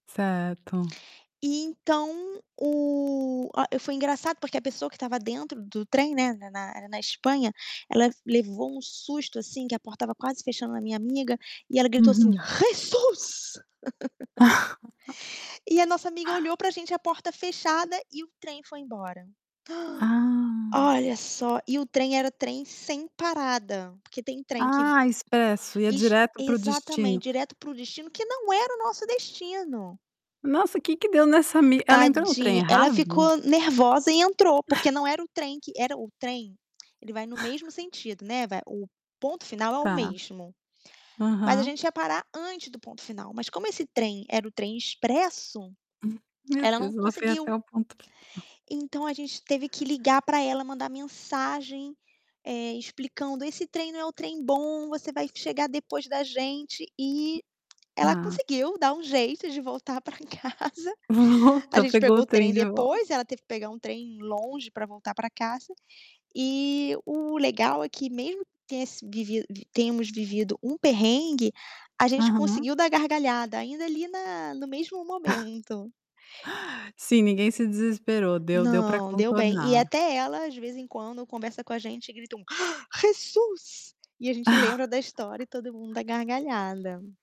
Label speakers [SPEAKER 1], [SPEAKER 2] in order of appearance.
[SPEAKER 1] Certo.
[SPEAKER 2] E então o a e foi engraçado porque a pessoa que estava dentro do trem, né, na na na Espanha, ela levou um susto, assim, que a porta estava quase fechando na minha amiga, e ela gritou, assim:
[SPEAKER 1] Uhum.
[SPEAKER 2] "Jesus!" e a nossa amiga olhou para gente, a porta fechada e o trem foi embora.
[SPEAKER 1] Ah.
[SPEAKER 2] Olha só. E o trem, era trem sem parada. Porque tem trem que
[SPEAKER 1] Ah, expresso, ia
[SPEAKER 2] es
[SPEAKER 1] direto para o destino.
[SPEAKER 2] exatamente, direto para o destino, que não era o nosso destino.
[SPEAKER 1] Nossa o que que deu nessa me ela entrou no trem
[SPEAKER 2] Tadinha, ela
[SPEAKER 1] errado?
[SPEAKER 2] ficou nervosa e entrou porque não era o trem que era o trem, ele vai no mesmo sentido, né, vai o ponto final é o
[SPEAKER 1] Tá.
[SPEAKER 2] mesmo. Mas a
[SPEAKER 1] Aham.
[SPEAKER 2] gente ia parar antes do ponto final. Mas como esse trem era o trem expresso,
[SPEAKER 1] Meu
[SPEAKER 2] ela não
[SPEAKER 1] Deus, ela foi até
[SPEAKER 2] conseguiu.
[SPEAKER 1] o ponto final
[SPEAKER 2] Então, a gente teve que ligar pra ela, mandar mensagem, eh, explicando: "Esse trem não é o trem bom. Você vai chegar depois da gente". E ela
[SPEAKER 1] Tá.
[SPEAKER 2] conseguiu dar um jeito de voltar pra casa. A
[SPEAKER 1] Volta,
[SPEAKER 2] gente
[SPEAKER 1] pegou
[SPEAKER 2] pegou
[SPEAKER 1] o
[SPEAKER 2] o
[SPEAKER 1] trem
[SPEAKER 2] trem
[SPEAKER 1] de vol
[SPEAKER 2] depois, ela teve que pegar um trem longe pra voltar pra casa. E o legal é que, mesmo que tem esse vivido tenhamos vivido um perrengue, a gente
[SPEAKER 1] Aham.
[SPEAKER 2] conseguiu dar gargalhada ainda ali na no mesmo momento.
[SPEAKER 1] Sim, ninguém se desesperou deu deu para
[SPEAKER 2] Não, deu bem. E
[SPEAKER 1] contornar.
[SPEAKER 2] até ela, de vez em quando, conversa com a gente e gritou: "Jesus!" e a gente lembra da história e todo mundo dá gargalhada.